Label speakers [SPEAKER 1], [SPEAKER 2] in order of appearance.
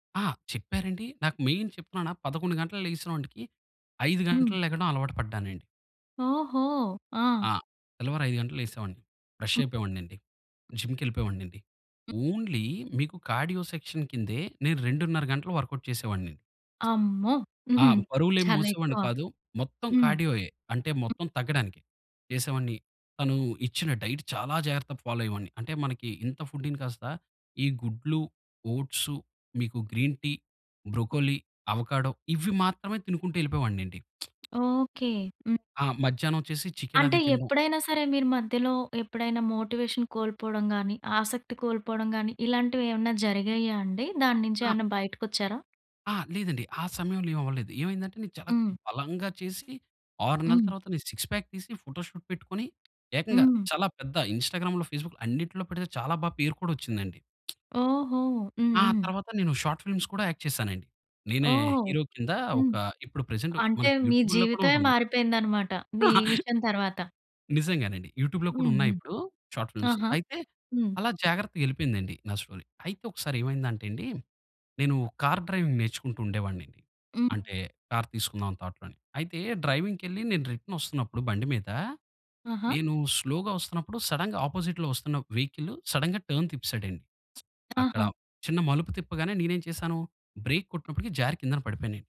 [SPEAKER 1] ఆ! చెప్పారండి. నాకు మెయిన్ చెప్తున్నానా 11:00 గంటలకు లేగిసినోంటికి 5:00
[SPEAKER 2] హ్మ్.
[SPEAKER 1] గంటలకు లెగడం అలవాటు పడ్డానండి.
[SPEAKER 2] ఓహో! ఆ!
[SPEAKER 1] ఆ! తెల్లవారు 5:00 గంటలకు లేసేవాడిని. ఫ్రెష్
[SPEAKER 2] హ్మ్.
[SPEAKER 1] అయిపోయేవాడినండి. జిమ్‌కెళ్ళిపోయేవాడినండి.
[SPEAKER 2] హ్మ్.
[SPEAKER 1] ఓన్లీ మీకు కార్డియో సెక్షన్ కిందే, నేను 2 ½ గంటలు వర్కౌట్ చేసేవాడిని నేను.
[SPEAKER 2] అమ్మో!
[SPEAKER 1] ఆ!
[SPEAKER 2] హుహు.
[SPEAKER 1] బరువులేం
[SPEAKER 2] చాలా
[SPEAKER 1] మోసేవాడిని
[SPEAKER 2] ఎక్కువ.
[SPEAKER 1] కాదు. మొత్తం
[SPEAKER 2] హ్మ్.
[SPEAKER 1] కార్డియోయె. అంటే మొత్తం తగ్గడానికి చేసేవాడిని. తను ఇచ్చిన డైట్ చాలా జాగ్రత్తగా ఫాలో అయ్యేవాడిని. అంటే మనకి ఇంత ఫుడ్డు‌ని కాస్త ఈ గుడ్లు, ఓట్సు, మీకు గ్రీన్ టీ, బ్రోకోలీ, అవకాడో ఇవి మాత్రమే తినుకుంటూ ఎళ్ళిపోయేవాడినండి.
[SPEAKER 2] ఓకే. హ్మ్.
[SPEAKER 1] ఆ! మధ్యాహ్నం వచ్చేసి చికెన్
[SPEAKER 2] అంటే
[SPEAKER 1] అది తినడం.
[SPEAKER 2] ఎప్పుడైనా సరే మీరు మధ్యలో ఎప్పుడైనా మోటివేషన్ కోల్పోవడం గాని, ఆసక్తి కోల్పోవడం గాని, ఇలాంటివి ఏమన్నా జరిగాయా అండి? దాన్నించి
[SPEAKER 1] ఆ!
[SPEAKER 2] ఏమన్నా బయటకి వచ్చారా?
[SPEAKER 1] ఆ! లేదండి. ఆ సమయంలో ఏం అవ్వలేదు. ఏమైందంటే నేను చాలా
[SPEAKER 2] హ్మ్.
[SPEAKER 1] బలంగా చేసి, 6 నెలల
[SPEAKER 2] హ్మ్.
[SPEAKER 1] తర్వాత నేను 6 ప్యాక్ తీసి, ఫోటో షూట్ పెట్టుకొని, ఏకంగా
[SPEAKER 2] హ్మ్.
[SPEAKER 1] చాలా పెద్ద ఇన్‌స్టా‌గ్రామ్‌లో, ఫేస్‌బుక్‌లో అన్నిట్లో పెడితే చాలా బా పేరు కూడా వచ్చిందండి.
[SPEAKER 2] ఓహో!
[SPEAKER 1] ఆహ్,
[SPEAKER 2] హుహు.
[SPEAKER 1] తర్వాత నేను షార్ట్ ఫిల్మ్స్ కూడా యాక్ట్ చేశానండి. నేనే
[SPEAKER 2] ఓహో!
[SPEAKER 1] హీరో కింద
[SPEAKER 2] హ్మ్.
[SPEAKER 1] ఒక ఇప్పుడు ప్రెజెంట్
[SPEAKER 2] అంటే
[SPEAKER 1] మనకి
[SPEAKER 2] మీ
[SPEAKER 1] యూట్యూబ్‌లో కూడా
[SPEAKER 2] జీవితమే
[SPEAKER 1] ఉంటుంది.
[SPEAKER 2] మారిపోయిందన్నమాట. నీమిషం తర్వాత.
[SPEAKER 1] నిజంగానండి. యూట్యూబ్‌లో కూడా
[SPEAKER 2] హ్మ్.
[SPEAKER 1] ఉన్నాయి
[SPEAKER 2] హ్మ్.
[SPEAKER 1] ఇప్పుడు షార్ట్ ఫిల్మ్స్.
[SPEAKER 2] ఆహా!
[SPEAKER 1] అయితే
[SPEAKER 2] హ్మ్.
[SPEAKER 1] అలా జాగ్రత్తగా ఎళ్ళిపోయిందండి నా స్టోరీ. అయితే ఒకసారి ఏమైందంటే అండి, నేను కార్ డ్రైవింగ్ నేర్చుకుంటూ ఉండేవాడినండి.
[SPEAKER 2] హ్మ్.
[SPEAKER 1] అంటే కార్ తీసుకుందాం అని థాట్‌లోని. అయితే డ్రైవింగ్‌కెళ్లి నేను రిటర్న్ వస్తున్నప్పుడు బండి మీద,
[SPEAKER 2] ఆహా!
[SPEAKER 1] నేను స్లోగా వస్తున్నప్పుడు సడెన్‌గా ఆపోజిట్‌లో వస్తున్న ఒక వెహికల్ సడెన్‌గా టర్న్ తిప్పేశాడండి. అక్కడ
[SPEAKER 2] ఆహా!
[SPEAKER 1] చిన్న మలుపు తిప్పగానే నేనేం చేశాను, బ్రేక్ కొట్టినప్పటికి జారి కిందన పడిపోయాను నేను.